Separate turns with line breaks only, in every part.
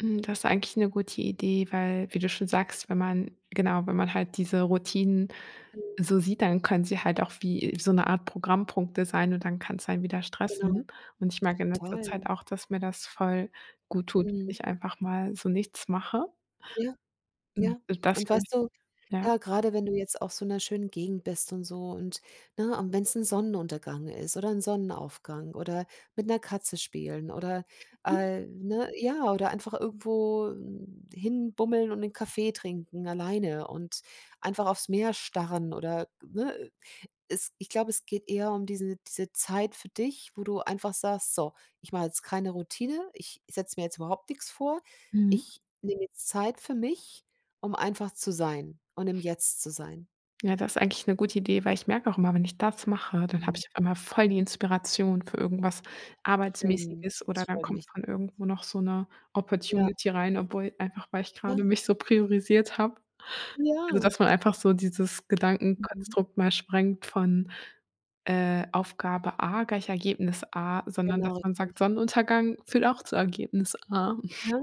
Hm, das eigentlich 'ne gute Idee, weil, wie du schon sagst, wenn man genau, wenn man halt diese Routinen so sieht, dann können sie halt auch wie so 'ne Art Programmpunkte sein und dann kann's einen wieder
Genau.
stressen. Und ich merke in letzter Zeit
Toll.
auch, dass mir das voll gut tut, wenn
Mhm.
ich einfach mal so nichts mache.
Ja.
Hm,
Ja.
und das
Und
[unintelligible]
weißt du,
ja?
ja, gerade wenn du jetzt auf so 'ner schönen Gegend bist und so und ne, und wenn's 'n Sonnenuntergang ist oder 'n Sonnenaufgang oder mit 'ner Katze spielen oder,
Mhm.
äh, ne, ja oder einfach irgendwo hin bummeln und 'nen Kaffee trinken alleine und einfach aufs Meer starren oder ne? Es ich glaube, es geht eher um diese diese Zeit für dich, wo du einfach sagst: „So, ich mache jetzt keine Routine, ich setze mir jetzt überhaupt nix vor.
Mhm.
Ich nehme jetzt Zeit für mich, um einfach zu sein und im jetzt zu sein."
Ja, du hast eigentlich 'ne gute Idee, weil ich merke auch immer, wenn ich das mache, dann habe
Mhm.
ich immer voll die Inspiration für irgendwas
Schön,
Arbeitsmäßiges
das
oder dann
freut
kommt
mich.
von irgendwo noch so 'ne
Ja.
Opportunity rein, obwohl einfach, weil ich gerade
Ja.
mich so priorisiert habe. Also,
Ja.
dass man einfach so dieses
Mhm.
Gedankenkonstrukt mal sprengt von, äh, Aufgabe A gleich Ergebnis A, sondern dass
Genau,
man
[unintelligible]
sagt: „Sonnenuntergang führt auch zu Ergebnis A.“
Ja.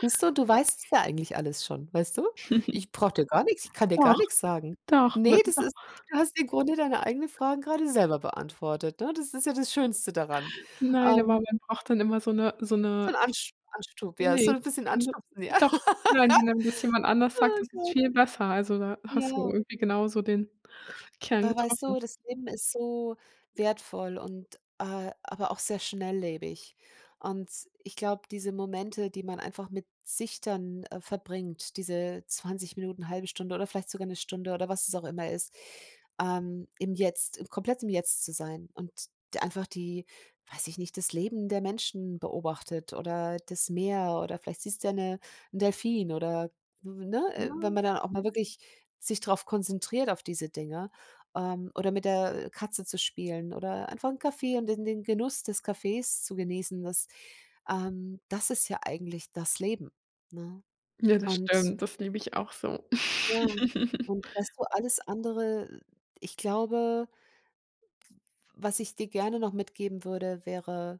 Siehst du, du weißt es ja eigentlich alles schon, weißt du? Ich brauche dir gar nichts ich kann dir gar
Doch,
nichts sagen.
doch,
Ne,
mit
das
doch.
ist du hast im Grunde deine eigenen Fragen gerade selber beantwortet, ne? Das ist ja das Schönste daran.
Nein, aber
Ähm.
man braucht dann immer so 'ne so
So
'ne
'n Ansch Anstup ja,
Ne,
ist so
ich
'n bisschen
fand
anstupsen, ja.
doch. Nein, wenn einem das jemand anders sagt,
Oh
ist es
Gott.
viel besser, also, da hast du
Ja.
irgendwie genau so den Kern
Aber weißt
getroffen.
du, das Leben ist so wertvoll und, äh, aber auch sehr schnelllebig. Und, ich glaube, diese Momente, die man einfach mit sich dann, äh, verbringt, diese 20 Minuten, 0,5 Stunde oder vielleicht sogar 'ne Stunde oder was es auch immer ist, ähm, im Jetzt, komplett im Jetzt zu sein und d einfach die weiß ich nicht, das Leben der Menschen beobachtet oder das Meer oder vielleicht siehst du ja 'ne 'n Delphin oder, ne? Wenn
Ja.
man dann auch mal wirklich sich drauf konzentriert auf diese Dinger, ähm, oder mit der Katze zu spielen oder einfach 'n Kaffee und den den Genuss des Kaffees zu genießen, das, ähm, das ist ja eigentlich das Leben, ne?
Ja, das
Und
stimmt, das liebe ich auch so.
Ja, und weißt du, alles andere ich glaube, was ich dir gerne noch mitgeben würde, wäre